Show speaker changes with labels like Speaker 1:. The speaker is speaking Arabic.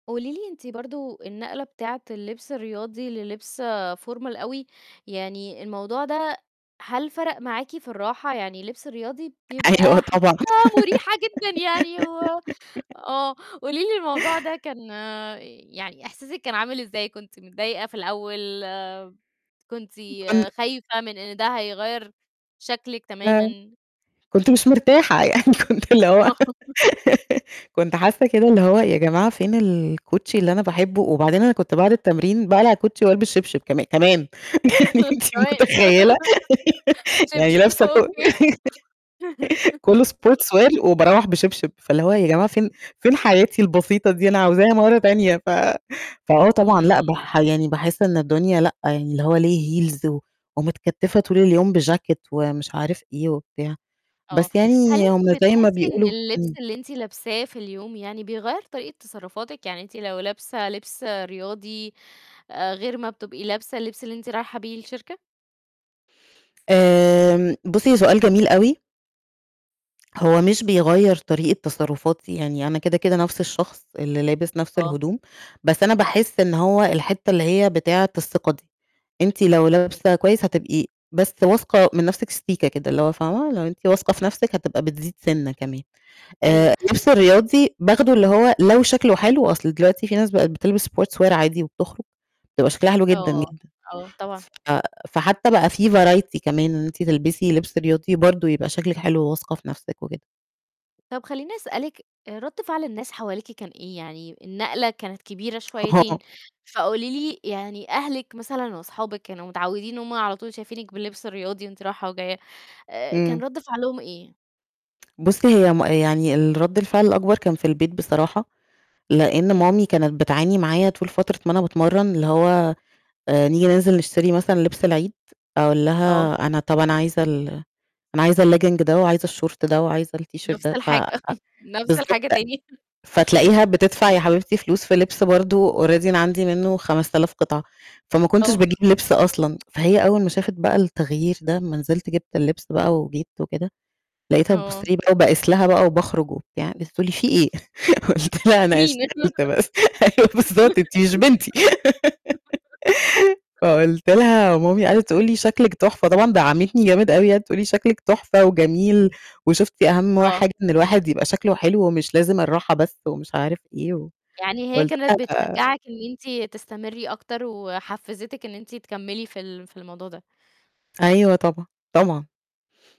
Speaker 1: قولي لي أنتِ برضه النقلة بتاعة اللبس الرياضي للبس formal أوي، يعني الموضوع ده هل فرَق معاكِ في الراحة؟ يعني اللبس الرياضي
Speaker 2: أيوه
Speaker 1: بيبقى
Speaker 2: طبعًا.
Speaker 1: حاجاتها مريحة جدًا يعني و آه قولي لي الموضوع ده كان يعني إحساسِك كان عامل إزاي؟ كنتِ متضايقة في الأول؟ كنتِ
Speaker 2: كن
Speaker 1: خايفة من إن ده هيغيّر شكلِك
Speaker 2: آه،
Speaker 1: تمامًا؟
Speaker 2: كنت مش مرتاحة يعني، كنت اللي هو
Speaker 1: آه.
Speaker 2: كنت حاسة كده اللي هو يا جماعة فين الكوتشي اللي أنا باحبه؟ وبعدين أنا كنت بعد التمرين، باقلع الكوتشي والبس شبشب كما كمان، أنتِ
Speaker 1: كمان،
Speaker 2: متخيلة؟ يعني
Speaker 1: شبشب،
Speaker 2: لابسة كو
Speaker 1: أوكي
Speaker 2: كُلّه sportswear وباروّح بشبشب، فاللي هو يا جماعة فين فين حياتي البسيطة دي؟ أنا عاوزاها مرة تانية، ف فأه طبعًا لأ
Speaker 1: امم.
Speaker 2: باح يعني باحس إن الدنيا لأ، يعني اللي هو ليه heels و ومتكتفة طول اليوم بجاكيت ومش عارف إيه وبتاع،
Speaker 1: آه،
Speaker 2: بس
Speaker 1: هل
Speaker 2: يعني هم
Speaker 1: أنتِ
Speaker 2: زي ما
Speaker 1: بتحسي إن
Speaker 2: بيقولوا
Speaker 1: اللبس
Speaker 2: امم.
Speaker 1: اللي أنتِ لابساه في اليوم يعني بيغير طريقة تصرفاتِك؟ يعني أنتِ لو لابسة لبس رياضي، آآ، غير ما بتبقي لابسة اللبس اللي أنتِ رايحة بيه الشركة؟
Speaker 2: آمم، بُصّي، هو سؤال جميل أوي. هو مش بيغيّر طريقة تصرفاتي، يعني أنا كده، كده نفس الشخص اللي لابس نفس
Speaker 1: آه.
Speaker 2: الهدوم، بس أنا باحس إن هو الحتة اللي هي بتاعة الثقة دي، أنتِ لو لابسة كويس هتبقي بس واثقة من نفسِك سيكا كده، اللي هو فاهمة، لو أنتِ واثقة في نفسِك هتبقى بتزيد سِنّة كمان.
Speaker 1: حلو.
Speaker 2: آآ، اللبس الرياضي باخده اللي هو لو شكله حلو، أصل دلوقتي في ناس بقت بتلبس sportswear عادي وبتخرج، بتبقى شكلها حلو جدًا،
Speaker 1: آه،
Speaker 2: جدًا.
Speaker 1: أه، طبعًا.
Speaker 2: ف فحتى بقى في variety كمان إن أنتِ تلبسي لبس رياضي برضه يبقى شكلِك حلو، وواثقة في نفسِك وكده.
Speaker 1: طَب خليني أسألِك، آآ، رد فعل الناس حواليكِ كان إيه؟ يعني النقلة كانت كبيرة شويتين،
Speaker 2: [unintelligible]
Speaker 1: فقولي لي يعني أهلِك مثلًا، وأصحابِك كانوا متعودين إن هم على طول شايفينِك باللبس الرياضي، وأنتِ راحة وجاية، آآ،
Speaker 2: امم.
Speaker 1: كان رد فعلهم إيه؟
Speaker 2: بُصّي، هي م يعني الرد الفعل الأكبر كان في البيت بصراحة، لإن
Speaker 1: امم.
Speaker 2: مامي كانت بتعاني معايا طول فترة ما أنا باتمرّن، اللي هو آآ نيجي ننزل نشتري مثلًا لبس العيد، أقول
Speaker 1: آه.
Speaker 2: لها أنا طَب أنا عايزة ال أنا عايزة الlegging ده وعايزة الشورت ده وعايزة الt shirt
Speaker 1: نفس
Speaker 2: ده، ف
Speaker 1: الحاجة، نفس
Speaker 2: بالضبط،
Speaker 1: الحاجة تاني.
Speaker 2: فتلاقيها بتدفع يا حبيبتي فلوس في لبس برضه already أنا عندي منه خمس آلاف قطعة، فما كنتش
Speaker 1: آه.
Speaker 2: باجيب لبس أصلًا، فهي أول ما شافت بقى التغيير ده، أمّا نزلت جبت اللبس بقى وجيت وكده، لقيتها بتبُصّ
Speaker 1: آه.
Speaker 2: لي بقى وباقيس لها بقى وباخرج وبتاع، لقيتها بتقول لي: "في إيه؟" قلت
Speaker 1: أنتِ
Speaker 2: لها: "أنا
Speaker 1: مين؟
Speaker 2: اشتغلت بس." أيوة بالضبط أنتِ مش بنتي. فقلت لها ومامي قعدت تقول لي: "شكلِك تحفة"، طبعًا دعمتني جامد أوي، قعدت تقول لي: "شكلِك تحفة وجميل، وشفتِ أهم
Speaker 1: آه.
Speaker 2: حاجة إن الواحد يبقى شكله حلو ومش لازم الراحة بس."، ومش عارف إيه و
Speaker 1: يعني هي
Speaker 2: قلت
Speaker 1: كانت
Speaker 2: لها
Speaker 1: بتشجّعِك إن أنتِ تستمري أكتر وحفّزتِك إن أنتِ تكمّلي في ال في الموضوع ده.
Speaker 2: أيوه طبعًا، طبعًا.